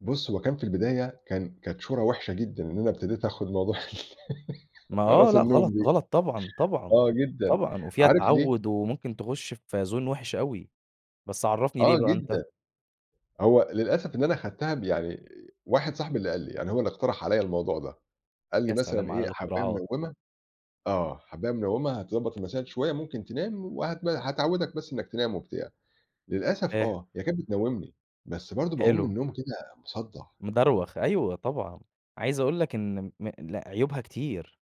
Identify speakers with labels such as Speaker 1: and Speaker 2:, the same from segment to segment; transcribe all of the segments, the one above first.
Speaker 1: بُص، هو كان في البداية كان كانت شورى وحشة جدًا، إن أنا ابتديت آخُد موضوع ال
Speaker 2: ما آه،
Speaker 1: أقراص
Speaker 2: لأ
Speaker 1: النوم
Speaker 2: غلط،
Speaker 1: دي.
Speaker 2: غلط طبعًا، طبعًا،
Speaker 1: آه جدًا،
Speaker 2: طبعًا، وفيها
Speaker 1: عارف ليه؟
Speaker 2: تعوُّد وممكن تخُش في zone وحِش أوي. بس عرِّفني ليه
Speaker 1: آه
Speaker 2: بقى أنتَ؟
Speaker 1: جدًا. هو للأسف إن أنا خدتها ب يعني واحد صاحبي اللي قال لي، يعني هو اللي اقترح عليَّ الموضوع ده، قال لي:
Speaker 2: يا
Speaker 1: "مثلًا
Speaker 2: سلام على
Speaker 1: إيه، حبَّاية
Speaker 2: الاختراعات!
Speaker 1: منوِّمة" آه، "حبَّاية منوِّمة هتضبَط المسائل شوية، ممكن تنام وهتنا هتعوِّدِك بس إنَّك تنام وبتاع." للأسف
Speaker 2: إيه؟
Speaker 1: آه، هي كانت بتنوّمني، بس برضه باقوم من
Speaker 2: حلو.
Speaker 1: النوم كده مصدَّع.
Speaker 2: مدروخ، أيوه طبعًا. عايِز أقول لك إن م لأ، عيوبها كتير،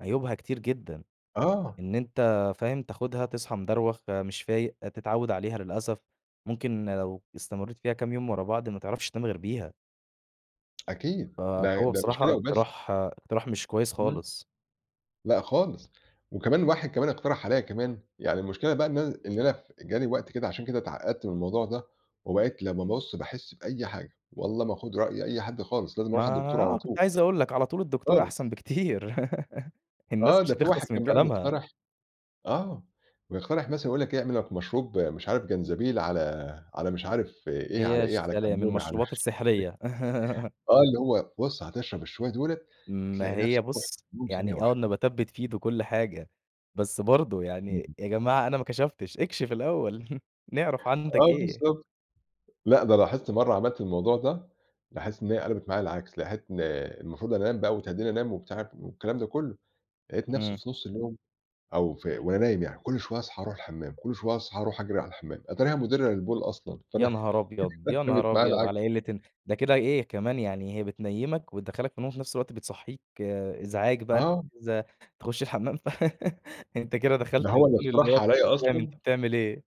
Speaker 2: عيوبها كتير جدًا.
Speaker 1: آه.
Speaker 2: إن أنتَ، فاهم، تاخُدها تصحى مدروخ مش فايِق، تتعوَّد عليها، للأسف. ممكن لو استمرِّيت فيها كام يوم ورا بعض، ما تعرَفش تنام غير بيها.
Speaker 1: أكيد، ده
Speaker 2: فهو
Speaker 1: ده مش
Speaker 2: بصراحة
Speaker 1: كده وبس.
Speaker 2: إقتراح إقتراح مش كويس
Speaker 1: إمم.
Speaker 2: خالص.
Speaker 1: لأ خالص، وكمان واحد كمان اقترح عليَّ كمان يعني المشكلة بقى إن أنا إن أنا جاني وقت كده، عشان كده اتعقّدت من الموضوع ده وبقيت لمّا بُص باحس بأي حاجة، والله ما آخُد رأي أي حد خالص، لازم
Speaker 2: ما
Speaker 1: أروح على الدكتور على
Speaker 2: آه، كنت
Speaker 1: طول.
Speaker 2: عايِز أقول لك، على طول الدكتور
Speaker 1: خالص.
Speaker 2: أحسَن بكتير. الناس
Speaker 1: آه،
Speaker 2: مش
Speaker 1: ده في واحد
Speaker 2: هتخلص من
Speaker 1: كان بيقعد
Speaker 2: كلامها.
Speaker 1: يقترح آه، ويقترح مثلًا يقول لك إيه، اعمل لك مشروب مش عارف جنزبيل على على مش عارف إيه، على
Speaker 2: هي
Speaker 1: إيه،
Speaker 2: ش
Speaker 1: على
Speaker 2: يا سلام!
Speaker 1: كمون، على مش
Speaker 2: المشروبات
Speaker 1: عارف
Speaker 2: السحرية.
Speaker 1: إيه. آه، اللي هو بُص، هتشرب الشوية دُولَة،
Speaker 2: ما
Speaker 1: هتلاقي
Speaker 2: هي
Speaker 1: نفسك رُحت
Speaker 2: بُص
Speaker 1: في النّوم ثانية
Speaker 2: يعني، آه،
Speaker 1: واحدة.
Speaker 2: النباتات بتفيد وكل حاجة، بس برضه
Speaker 1: امم،
Speaker 2: يعني،
Speaker 1: امم.
Speaker 2: يا جماعة أنا ما كشَفتِش، اكشِف الأوَّل، نعرَف عندك
Speaker 1: آه،
Speaker 2: إيه.
Speaker 1: بالضبط. لأ ده لاحظت مرَّة عملت الموضوع ده، لاحظت إن هي قلبِت معايا العكس، [unintelligible] إن المفروض أنام بقى وتهدِّيني أنام وبتاع والكلام ده كلّه، لقيت نفسي
Speaker 2: إمم.
Speaker 1: في نُصّ اليوم، أو ف وأنا نايِم يعني، كل شوية أصحى أرُوح الحمَّام، كل شوية أصحى أرُوح أجري على الحمَّام، أتاريها مُدِرَّة للبول أصلًا،
Speaker 2: يا
Speaker 1: فأنا
Speaker 2: نهار أبيض! يا
Speaker 1: جابِت
Speaker 2: نهار
Speaker 1: معايا
Speaker 2: أبيض!
Speaker 1: العكس.
Speaker 2: على قِلَّة الن ده كده إيه كمان يعني، هي بتنيِّمَك وتدخِّلَك في النوم وفي نفس الوقت، بتصحِّيك إزعاج بقى،
Speaker 1: آه.
Speaker 2: أنت [unintelligible] تخُش الحمَّام ف أنتَ كده دخَلت
Speaker 1: ده
Speaker 2: يا
Speaker 1: هو اللي
Speaker 2: تقول اللي هو
Speaker 1: اقترحها
Speaker 2: أنتَ
Speaker 1: عليَّ
Speaker 2: مش فاهم أنتَ
Speaker 1: أصلًا
Speaker 2: بتعمل إيه.